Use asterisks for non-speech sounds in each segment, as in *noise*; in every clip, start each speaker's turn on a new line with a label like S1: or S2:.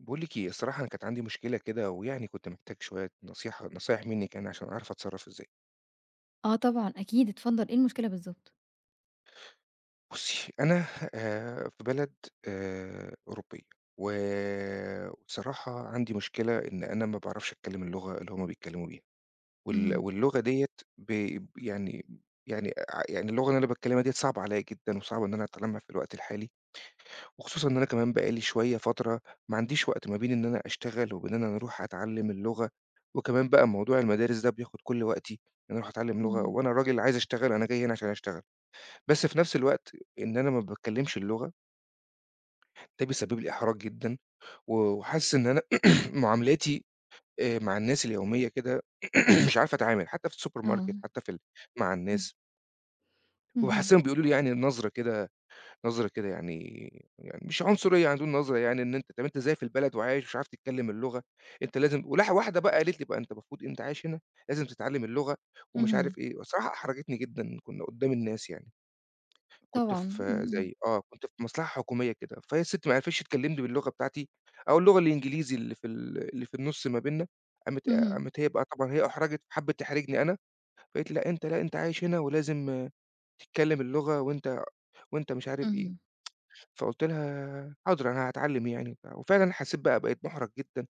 S1: باقول لِك إيه، الصراحة أنا كانت عندي مشكلة كده ويعني كنت محتاج شوية نصيحة نصايح منِك يعني عشان أعرف أتصرّف إزاي.
S2: آه، طبعًا أكيد، اتفضّل إيه المشكلة بالضبط؟
S1: بُصّي أنا آآ في بلد آآ أوروبية، و وبصراحة عندي مشكلة إن أنا ما باعرفش أتكلّم اللغة اللي هُم بيتكلموا بيها، وال
S2: اهم.
S1: واللغة ديّة ب يعني يعني أع يعني اللغة اللي أنا باتكلّمها ديّة صعبة عليَّ جدًا، وصعبة إن أنا أتعلّمها في الوقت الحالي، وخصوصًا إن أنا كمان بقى لي شوية، فترة ما عنديش وقت ما بين إن أنا أشتغل وبين إن أنا أروح أتعلّم اللغة، وكمان بقى موضوع المدارس ده بياخُد كلّ وقتي، إن أنا أروح أتعلّم لغة
S2: إمم.
S1: وأنا راجل عايز أشتغل، أنا جاي هنا عشان أشتغل، بس في نفْس الوقت إن أنا ما باتكلّمش اللغة ده بيسبّب لي إحراج جدًا، و وحاسس إن أنا، *clears throat* معاملاتي آآ مع الناس اليومية كده، *clears throat* مش عارف أتعامل، حتّى في السوبر ماركت
S2: آه.
S1: حتّى في ال مع
S2: إمم.
S1: الناس
S2: اهم.
S1: وباحسّهم بيقولوا لي يعني النظرة كده، نظرة كده يعني يعني مش عنصرية عندهم نظرة يعني إن أنت طب أنت إزاي في البلد وعايش ومش عارف تتكلّم اللغة، أنت لازم ولح واحدة بقى قالت لي بقى: "أنت المفروض أنت عايش هنا، لازم تتعلّم اللغة ومش
S2: اهم.
S1: عارف إيه." والصراحة احرجتني جدًا كنا قدّام الناس يعني. كنت
S2: طبعًا، إمم،
S1: في
S2: إمم.
S1: زي آه، كنت في مصلحة حكومية كده، فهي الست ماعرفتش تكلّمني باللغة بتاعتي أو اللغة الإنجليزي اللي في ال اللي في النُص ما بيننا، قامت
S2: اهم.
S1: قامت هي بقى طبعًا هي أُحرجت، حَبِت تحرجني أنا، فقالت لي: "لأ أنت لأ أنت عايش هنا ولازم تتكلّم اللغة، وأنت وأنت مش عارف إيه."
S2: اهم.
S1: *tsk* فقُلت لها: "حاضر، أنا هاتعلّم يعني وبتاع." وفعلًا حسّيت بقى بقيت مُحرج جدًا،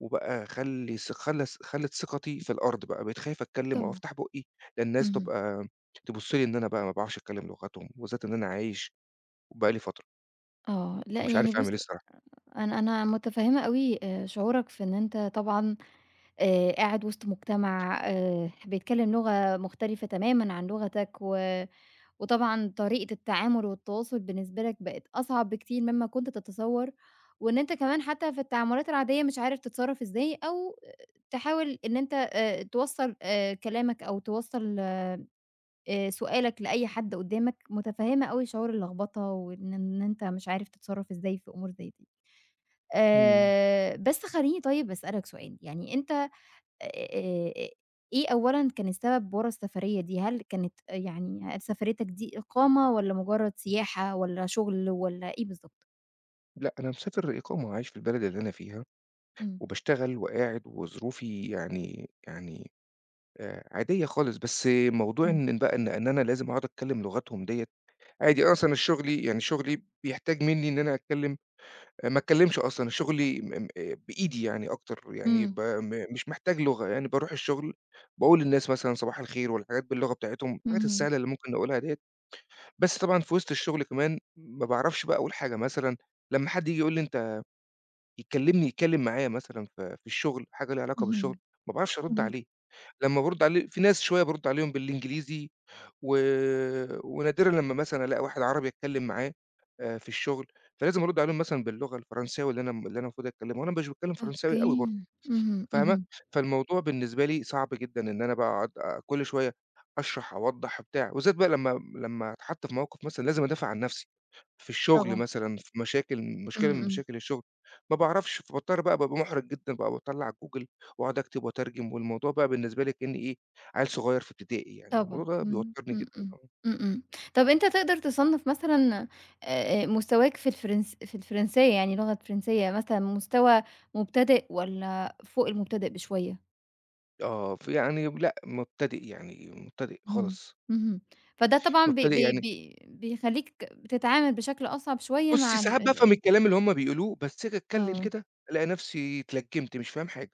S1: وبقى خلّي ث خلّى ث خلِّت ثقتي في الأرض بقى، بقيت خايف أتكلّم أو
S2: طبعًا.
S1: افتح بُقّي، لا الناس
S2: اهم.
S1: تبقى تبُصّ لي إن أنا بقى ما باعرفش أتكلّم لغتهم، وبالذات إن أنا عايش وبقى لي فترة.
S2: آه. لأ
S1: فمش
S2: يعني
S1: عارف أعمل
S2: بُصّ،
S1: إيه الصراحة.
S2: أنا أنا متفهّمة أوي آآ شعورك في إن أنت طبعًا آآ قاعد وِسط مجتمَع آآ بيتكلّم لغة مختلِفة تمامًا عن لغتك، و وطبعًا طريقة التعامُل والتواصُل بالنسبة لك بقِت أصعب بكتير مما كنت تتصوّر، وإن أنت كمان حتى في التعاملات العادية مش عارف تتصرّف إزاي أو تحاول إن أنت آآ توصَّل آآ كلامك أو توصَّل آآ سؤالك لأي حد قُدّامك، متفهّمة أوي شعور اللخبطة وإن إن أنت مش عارف تتصرّف إزاي في أمور زي دي.
S1: إمم.
S2: آآ بس خلّيني طيب أسألك سؤال، يعني أنت آآ، إيه أولًا كان السبب ورا السفريّة دي، هل كانت يعني، هل سفريّتك دي إقامة والّا مجرّد سياحة والّا شُغل والّا إيه بالضبط؟
S1: لأ أنا مسافر إقامة، عايش في البلد اللي أنا فيها،
S2: إمم.
S1: وباشتغل وقاعد وظروفي يعني يعني آآ عادية خالص، بس موضوع
S2: إمم.
S1: إن بقى إن إن أنا لازم أقعُد أتكلّم لغتهم ديّة، عادي أصلًا شُغلي يعني شُغلي بيحتاج منّي إن أنا أتكلّم آآ ما أتكلّمش أصلًا شُغلي م م بإيدي يعني أكتر، يعني ب
S2: إمم.
S1: م مش محتاج لغة، يعني بارُوح الشغل باقول للناس مثلًا صباح الخير والحاجات باللغة بتاعتهم، الحاجات
S2: اهم.
S1: السهلة اللي ممكن نقولها ديّة، بس طبعًا في وِسط الشغل كمان ما باعرَفش بقى أقول حاجة، مثلًا لما حد ييجي يقول لي أنت يكلّمني، يتكلّم معايا مثلًا في في الشغل، حاجة ليها علاقة بالشغل
S2: اهم.
S1: ما باعرَفش أرُد
S2: إمم.
S1: عليه، لما بارُد عليه، فيه ناس شوية بارُد عليهم بالإنجليزي و ونادرًا لما مثلًا ألاقى واحد عربي أتكلّم معاه آآ في الشغل، فلازم أرُد عليهم مثلًا باللغة الفرنسية واللي أنا م اللي أنا المفروض أتكلّمها وأنا مش باتكلّم فرنساوي أوي برضه
S2: أوكي. اهم،
S1: فاهمة،
S2: اهم.
S1: فالموضوع بالنسبة لي صعب جدًا إن أنا بقى أقعُد كلّ شوية أشرَح، أوضَّح وبتاع، وبالذات بقى لما لما أتحَط في موقِف مثلًا لازم أدافع عن نَفسي، في الشغل
S2: طبعًا.
S1: مثلًا، في مشاكل
S2: إمم،
S1: مشكلة من
S2: إمم.
S1: مشاكل الشغل، ما باعرَفش، فباضطر بقى بابقى مُحرَج جدًا بقى، باطلّع Google وأقعُد أكتِب وأترجِم والموضوع بقى بالنسبة لي كأنّي إيه، عيِّل صغيّر في إبتدائي يعني.
S2: طبعًا.
S1: والموضوع ده
S2: إمم،
S1: بيوتّرني
S2: إمم،
S1: جدًا.
S2: إمم،
S1: آه.
S2: إمم، إمم. طَب أنت تقدَر تصنَّف مثلًا آآ مستواك في الفرنس في الفرنسية، يعني اللغة فرنسية، مثلًا مستوى مبتدئ والّا فوق المبتدئ بشوية؟
S1: آه ف يعني لأ، مبتدِئ يعني، مبتدِئ
S2: اهم،
S1: خالص.
S2: اهم، فده طبعًا ب
S1: مبتدِئ
S2: ب
S1: يعني
S2: ب بيخلّيك بتتعامل بشكل أصعب شوية
S1: بُصّي،
S2: مع
S1: ساعات
S2: ال ال
S1: بافهم
S2: ال
S1: الكلام اللي هُم بيقولوه، بس آجي أتكلّم
S2: آه.
S1: كده ألاقي نفْسي اتلجّمت، مش فاهم حاجة،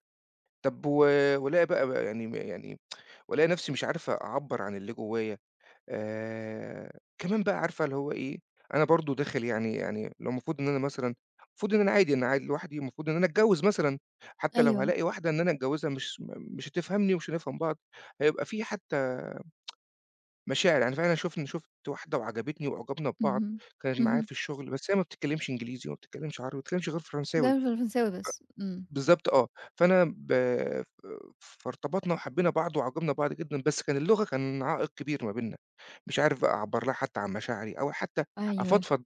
S1: طب و والاقي بقى ب يعني يعني *tsk* والاقي نفْسي مش عارف أعَبّر عن اللي جوايا، آآ، كمان بقى عارفة اللي هو إيه، أنا برضه داخل يعني يعني لو المفروض إن أنا مثلًا، المفروض إن أنا عادي أنا قاعد لوحدي والمفروض إن أنا أتجوِّز مثلًا، حتّى لو
S2: أيوه.
S1: هالاقي واحدة إن أنا أتجوِّزها مش م مش هتفهمني ومش هنفهم بعض، هيبقى في حتّى *tsk* مشاعر، يعني فعلًا شُفن شُفت واحدة وعجبتني وأُعجَبنا ببعض،
S2: اهم،
S1: كانت معايا
S2: اهم.
S1: في الشغل بس هي ما بتتكلّمش إنجليزي وما بتتكلّمش عربي ما بتتكلّمش غير
S2: ما
S1: فرنساوي، ف
S2: بتتكلّمش غير فرنساوي بس، إمم.
S1: بالضبط آه، فأنا ب ب فارتبطنا وحبينا بعض واعجَبنا ببعض جدًا، بس كان اللغة كان عائق كبير ما بيننا، مش عارف بَقى أعَبّر لها حتّى عن مشاعري، أو حتّى
S2: أيوه.
S1: أفضفض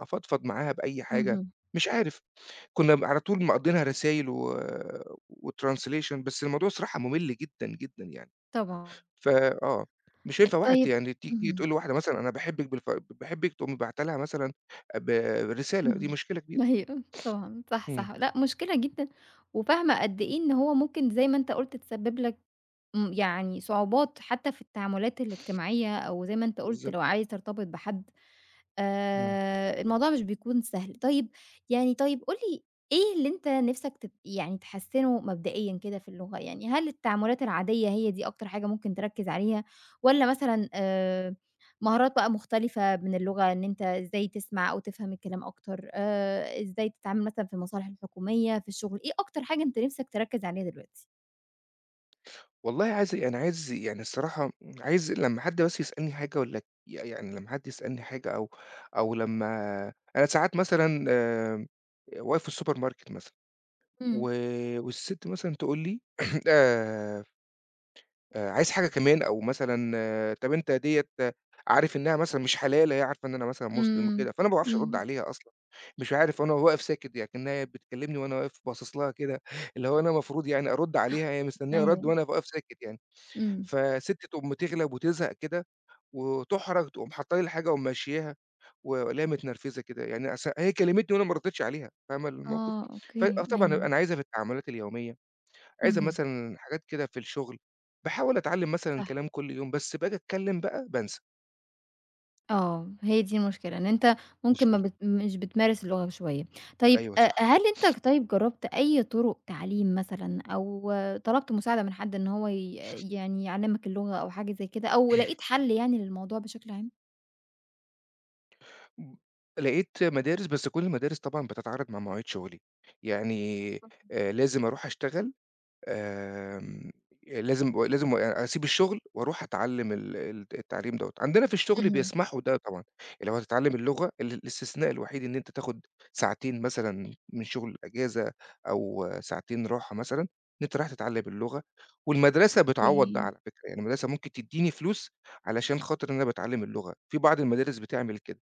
S1: أفضفض معاها بأي حاجة،
S2: اهم.
S1: مش عارف. كنا م على طول مقضينها رسايل و وtranslation، بس الموضوع صراحة ممل جدًا، جدًا يعني،
S2: طبعًا.
S1: ف آه، مش هينفع واحد
S2: طيب
S1: يعني تيجي
S2: اهم.
S1: تقول لواحدة مثلًا أنا باحبِك بالف ب باحبِك تقوم باعتة لها مثلًا ب رسالة دي
S2: اهم،
S1: مشكلة كبيرة.
S2: أيوه، طبعًا،
S1: *sniffs*
S2: صح،
S1: إمم.
S2: صح، لأ مشكلة جدًا، وفاهمة قد إيه إن هو ممكن زي ما أنت قُلت تسبب لك إمم، يعني صعوبات حتّى في التعاملات
S1: *sniffs*
S2: الاجتماعية أو زي ما أنت قُلت لو
S1: بالضبط.
S2: عايز ترتبط بحد،
S1: إمم.
S2: آآ الموضوع مش بيكون سهل، طيب يعني طيب قُل لي إيه اللي أنت نفْسك ت يعني تحسّنه مبدئيًا كده في اللغة، يعني هل التعاملات العادية هي دي أكتر حاجة ممكن تركّز عليها، والّا مثلًا آآ، مهارات بقى مختلفة من اللغة إن أنت إزاي تسمع أو تفهم الكلام أكتر، آآ إزاي تتعامل مثلًا في المصالح الحكومية، في الشغل، إيه أكتر حاجة أنت نِفْسك تركّز عليها دلوقتي؟
S1: والله عايز يعني عايز يعني الصراحة عايز لمّا حد بس يسألني في حاجة والّا ك ي يعني لمّا حد يسألني حاجة أو أو لمّا أنا ساعات مثلًا آمم، آآ واقف في السوبر ماركت مثلًا
S2: إمم.
S1: و والسِت مثلًا تقول لي *clears throat* آآ، آآ "عايز حاجة كمان؟" أو مثلًا "طَب أنت ديّة عارف إنّها مثلًا مش حلال؟" هي عارفة إن أنا مثلًا مُسلِم
S2: إمم،
S1: وكده، فأنا ما باعرفش أرُد
S2: إمم.
S1: عليها أصلًا، مش عارف أنا و واقف ساكِت يعني كإنّها هي بتكلّمني وأنا واقِف باصِص لها كده اللي هو أنا مفروض يعني أرُد عليها، هي مستنيّة رَد
S2: أيوه.
S1: وأنا أبقى واقف ساكت يعني.
S2: إمم.
S1: فالسِت تقوم تِغلَب وتِزهَق كده وتُحرَج تقوم حاطّة لي الحاجة وممشّياها والاقيها متنرفِزة كده، يعني أص هي كلّمتني وأنا ما ردّيتش عليها، فاهمة الموقف؟
S2: آه
S1: ف
S2: أوكي،
S1: آه طبعًا،
S2: أيوه.
S1: أنا عايزها في التعامُلات اليومية، عايزها
S2: اهم.
S1: مثلًا حاجات كده في الشُغل. باحاول أتعلّم مثلًا
S2: صح.
S1: كلام كل يوم، بس باجي أتكلّم بقى، بانسى.
S2: آه، هي دي المشكلة، إن أنت ممكن ما
S1: مشكلة.
S2: بت مش بتمارس اللغة شوية. طيب،
S1: أيوه
S2: آآ،
S1: صح.
S2: هل
S1: *sniffs*
S2: أنت طيب جرّبت أي طُرُق تعليم مثلًا أو طلبْت مساعدة من حد إن هو ي
S1: *sniffs*
S2: يعني يعلِّمك اللغة أو حاجة زي كده أو لقيت
S1: *clears throat*
S2: حَل يعني للموضوع بشكل عام؟
S1: لقيت مدارس بس كلّ المدارس طبعًا بتتعارض مع مواعيد شغلي، يعني
S2: آه.
S1: آآ لازم أروح أشتغل، آمم لازم لازم أ أسيب الشغل وأروح أتعلّم ال ال التعليم دوّة. عندنا في الشغل
S2: اهم.
S1: بيسمحوا ده طبعًا، اللي لو هتتعلّم اللغة، ال الاستثناء الوحيد إن أنت تاخد ساعتين مثلًا من الشغل إجازة، أو ساعتين راحة مثلًا إن أنت رايح تتعلّم اللغة، والمدرسة بتعوّض ده
S2: أوكي.
S1: على فكرة، يعني المدرسة ممكن تدّيني فلوس، علشان خاطر أنا باتعلّم اللغة، في بعض المدارس بتعمل كده،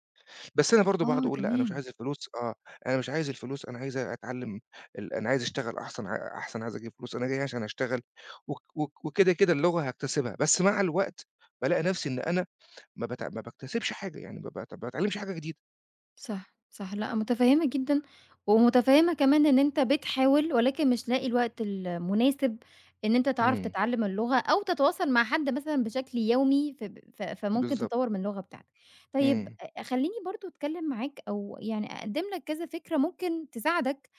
S1: بس أنا برضه باقعد
S2: آه
S1: أقول لأ، أنا مش
S2: تمام.
S1: عايز الفلوس، آه، أنا مش عايز الفلوس، أنا عايز أتعلّم ال أنا عايز أشتغَل أحسن ع أحسن، عايز أجيب فلوس، أنا جاي هنا عشان أشتغَل، وك وك وكده كده اللغة هاكتسبها، بس مع الوقت بالاقي نفسي إن أنا ما بت ما باكتسِبِش حاجة، يعني بابقى تب ما باتعلِّمش حاجة جديدة.
S2: صح صح، لأ متفهّمة جدًا، ومتفهّمة كمان إن أنت بتحاول، ولكن مش لاقي الوقت المناسب إن أنت تعرف
S1: امم.
S2: تتعلّم اللغة، أو تتواصل مع حد مثلًا بشكل يومي، ف ف فممكن تطوّر
S1: بالضبط.
S2: من اللغة بتاعتك. طيب
S1: امم.
S2: أ خلّيني برضه أتكلّم معاك، أو يعني أقدّم لك كذا فكرة ممكن تساعدك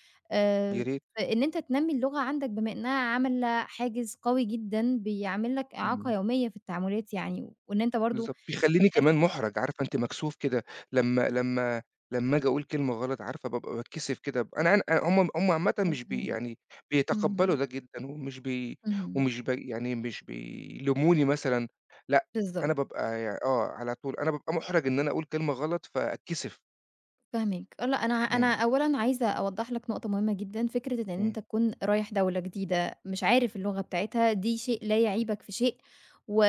S1: يا
S2: آآ
S1: ريت.
S2: في إن أنت تنمّي اللغة عندك، بما إنها عاملة حاجز قوي جدًا بيعمِل لك إعاقة
S1: امم.
S2: يوميّة في التعاملات يعني، وإن أنت برضه
S1: بالضبط. بيخلّيني
S2: بتحس
S1: كمان مُحرج، عارفة أنتِ مكسوف كده، لمّا لمّا لمّا آجي أقول كلمة غلط عارفة بابقى باتكسِف كده. أنا أن أ هم هم عامةً مش بي
S2: مفهوم،
S1: يعني بيتقبّلوا
S2: اهم.
S1: ده جدًّا، ومش بي
S2: اهم.
S1: ومش ب يعني مش بيلوموني مثلًا، لأ
S2: بالضبط.
S1: أنا بابقى ي آه، على طول أنا بابقى محرج إنّ أنا أقول كلمة غلَط فأتكسِف.
S2: فاهماك، لأ أنا أنا
S1: إمم.
S2: أولًا عايزة أوضّح لك نقطة مهمة جدًا، فكرة إن
S1: إمم.
S2: أنت تكون رايح دولة جديدة مش عارف اللغة بتاعتها دي شيء لا يعيبك في شيء، و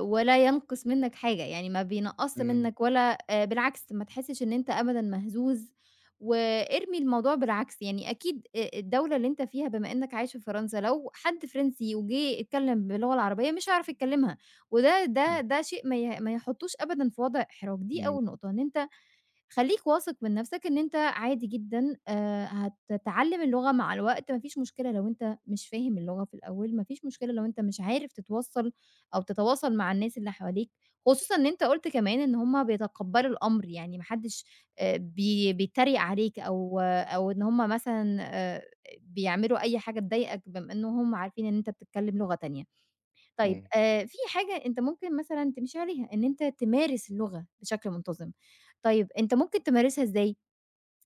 S2: ولا ينقص منك حاجة، يعني ما بينقصّش
S1: إمم.
S2: منك ولا آآ، بالعكس ما تحسش إن أنت أبدًا مهزوز وإرمي الموضوع بالعكس، يعني أكيد أ الدولة اللي أنت فيها بما إنك عايش في فرنسا لو حد فرنسي وجِه اتكلم باللغة العربية مش هيعرف يتكلمها، وده ده
S1: إمم.
S2: ده شيء ما ي ما يحطوش أبدًا في وضع إحراج. دي
S1: إمم.
S2: أول نقطة إن أنت خلّيك واثق من نَفسك إن أنت عادي جدًا، آآ، هتتعلم اللغة مع الوقت، ما فيش مشكلة لو أنت مش فاهم اللغة في الأول، ما فيش مشكلة لو أنت مش عارف تتوصّل أو تتواصل مع الناس اللي حواليك، خصوصًا إن أنت قُلت كمان إن هُم بيتقبلوا الأمر يعني ما حدش آآ، بي بيتريق عليك أو أو إن هُم مثلًا آآ، بيعملوا أي حاجة تضايقك بما إن هُم عارفين إن أنت بتتكلم لغة تانية، طيب
S1: إمم.
S2: آآ، في حاجة أنت ممكن مثلًا تمشي عليها إن أنت تمارس اللغة بشكل منتظم، طيب أنت ممكن تمارسها إزاي؟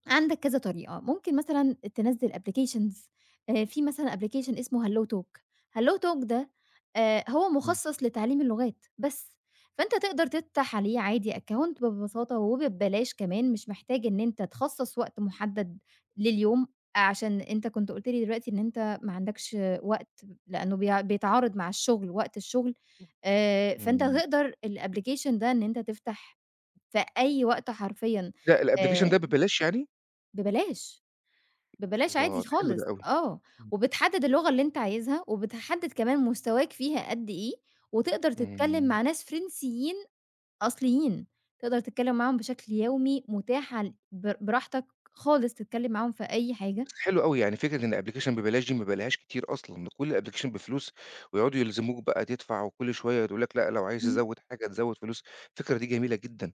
S2: عندك كذا طريقة، ممكن مثلًا تنزّل applications، آآ، في مثلًا application اسمه Hello Talk، Hello Talk ده آآ، هو
S1: إمم.
S2: مخصَص لتعليم اللغات بس، فأنت تقدر تفتح عليه عادي account ببساطة وب ببلاش كمان، مش محتاج إن أنت تخصص وقت محدد لليوم عشان أنت كنت قُلت لي دلوقتي إن أنت ما عندكش وقت لأنه بي بيتعارض مع الشغل وقت الشغل،
S1: *unintelligible*
S2: آآ، فأنت
S1: إمم.
S2: هتقدر الapplication ده إن أنت تفتح في أي وقت حرفيًا
S1: لأ الapplication ده
S2: آآ
S1: ببلاش يعني؟
S2: ببلاش، ببلاش
S1: الله!
S2: عادي
S1: ده حلو ده
S2: خالص
S1: أوي،
S2: آه، وبتحدد اللغة اللي أنت عايزها وبتحدد كمان مستواك فيها قدّ إيه، وتقدر تتكلم
S1: إمم.
S2: مع ناس فرنسيين أصليين، تقدر تتكلم معاهم بشكل يومي متاح عل بر براحتك خالص تتكلم معاهم في أي حاجة.
S1: حلو أوي يعني فكرة إن application ببلاش دي ما بالاقيهاش كتير أصلًا، ده كُلّ الapplication بفلوس، ويقعدوا يلزموك بقى تدفع، وكُلّ شوية يقولوا لك لأ لو عايز
S2: امم.
S1: تزود حاجة تزود فلوس، الفكرة دي جميلة جدًا،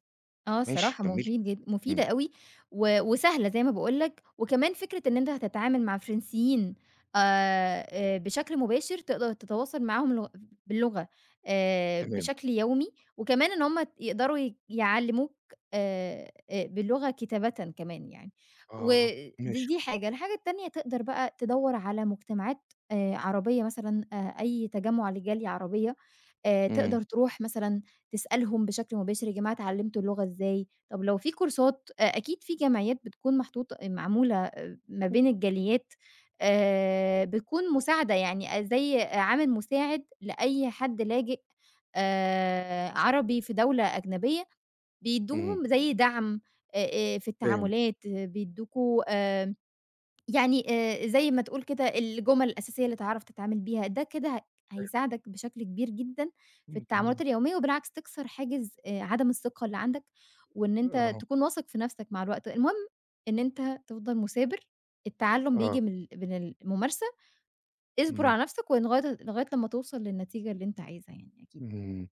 S2: آه
S1: ماشي
S2: الصراحة
S1: كمّلي،
S2: مفيد جد مفيدة
S1: إمم.
S2: أوي، و وسهلة زي ما باقول لك، وكمان فكرة إن أنت هتتعامل مع فرنسيين آآ، آآ، بشكل مباشر، تقدر تتواصل معاهم لغ باللغة آآ،
S1: تمام.
S2: بشكل يومي، وكمان إن هُم يقدروا ي يعلّموك آآ، آآ، باللغة كتابةً كمان يعني،
S1: آه،
S2: ود
S1: ماشي.
S2: دي حاجة. الحاجة التانية تقدر بقى تدوّر على مجتمعات آآ، عربية مثلًا، آآ، أي تجمع لجالية عربية آآ،
S1: إمم.
S2: تقدر تروح مثلًا تسألهم بشكل مباشر: يا جماعة اتعلمتوا اللغة إزاي؟ طب لو فيه كورسات أ أكيد فيه جمعيات بتكون محطوطة معمولة ما
S1: *unintelligible*
S2: بين الجاليات آآ، بتكون مساعدة يعني زي عامل مساعد لأي حد لاجئ آآ، عربي في دولة أجنبية،
S1: إمم.
S2: بيدّوهم زي دعم آآ آآ في
S1: فاهم.
S2: التعاملات، بيدّوكوا آآ، يعني آآ، زي ما تقول كده الجُمَل الأساسية اللي تعرف تتعامل بيها، ده كده ه
S1: فاهم.
S2: هيساعدك بشكل كبير جدًا في
S1: إمم،
S2: التعاملات
S1: جميل.
S2: اليومية، وبالعكس تكسر حاجز آآ، عدم الثقة اللي عندك، وإن أنت
S1: آه.
S2: تكون واثق في نَفسك مع الوقت، المهم إن أنت تفضل مثابر، التعلم بييجي
S1: آه.
S2: من ال من الممارسة، اصبر
S1: إمم.
S2: على نَفسك ولغاية لغاية لمّا توصل للنتيجة اللي أنت عايزها يعني أكيد.
S1: إمم،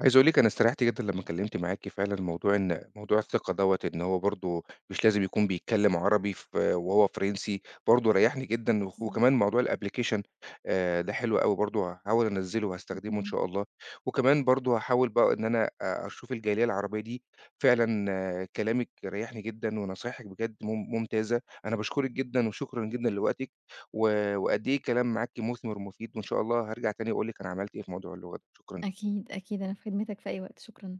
S1: عايز أقول لِك أنا استريحت جدًا لمّا أتكلمت معاكِ فعلًا، موضوع إن موضوع الثقة دوّة إن هو برضو مش لازم يكون بيتكلم عربي ف وهو فرنسي برضو ريحني جدًا، و
S2: بالضبط.
S1: وكمان موضوع الapplication آآ، ده حلو أوي برضو، هاحاول أنزّله وهاستخدمه إن
S2: اهم.
S1: شاء الله، وكمان برضو هاحاول بقى إن أنا أ أشوف الجالية العربية دي، فعلًا كلامِك ريّحني جدًا ونصايحِك بجد مم ممتازة، أنا باشكرِك جدًا وشكرًا جدًا لوقتِك، و وقدّ إيه الكلام معاكِ مثمر ومفيد، وإن شاء الله هارجع تاني أقول لِك أنا عملت إيه في موضوع اللغة، شكرًا ليكِ.
S2: أكيد، أكيد أنا في خدمتك في أي وقت، شكرًا.